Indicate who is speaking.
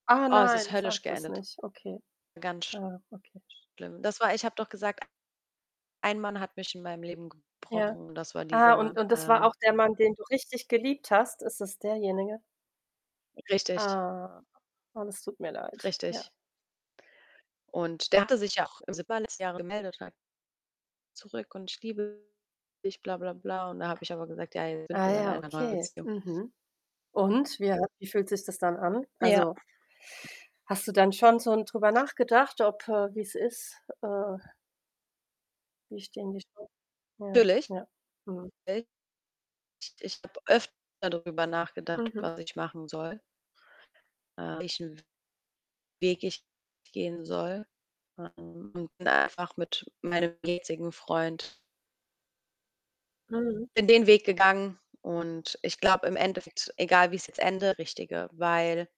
Speaker 1: Ah,
Speaker 2: Oh, es ist
Speaker 1: nein,
Speaker 2: höllisch
Speaker 1: sag das
Speaker 2: geendet.
Speaker 1: nicht. Okay.
Speaker 2: Ganz
Speaker 1: Ah, okay, sch
Speaker 2: schlimm. Das war ich habe doch gesagt: „Ein Mann hat mich in meinem Leben
Speaker 1: Ja.
Speaker 2: gebrochen“ und das war
Speaker 1: Ah,
Speaker 2: dieser
Speaker 1: und
Speaker 2: Mann.
Speaker 1: und das war auch
Speaker 2: [unintelligible]
Speaker 1: der Mann, den du richtig geliebt hast? Ist das derjenige?
Speaker 2: Richtig.
Speaker 1: Ah. Oh, das tut mir leid, ja.
Speaker 2: Richtig. Und der hatte sich ja auch im [unintelligible] letzten Jahr gemeldet [unintelligible] zurück und: „Ich liebe dich, bla, bla, bla.” Und da habe ich aber gesagt: „Ja, jetzt sind
Speaker 1: Ah
Speaker 2: wir bei
Speaker 1: ja,
Speaker 2: einer neuen
Speaker 1: okay.
Speaker 2: Beziehung.”
Speaker 1: Mhm. Und? Wie ha wie fühlt sich das dann an?
Speaker 2: Ja.
Speaker 1: Also hast du dann schon so 'n drüber nachgedacht, ob äh, wie's ist? Äh Wie stehen die Cha ja,
Speaker 2: Natürlich.
Speaker 1: ja. Mhm.
Speaker 2: [unintelligible] Ich ich habe öfter darüber nachgedacht,
Speaker 1: Mhm.
Speaker 2: was ich machen soll. Äh, welchen Weg ich gehen soll. [unintelligible] einfach mit meinem jetzigen Freund
Speaker 1: Mhm.
Speaker 2: Bin den Weg gegangen. Und ich glaube im Endeffekt, egal wie's jetzt endet [unintelligible] Richtige, weil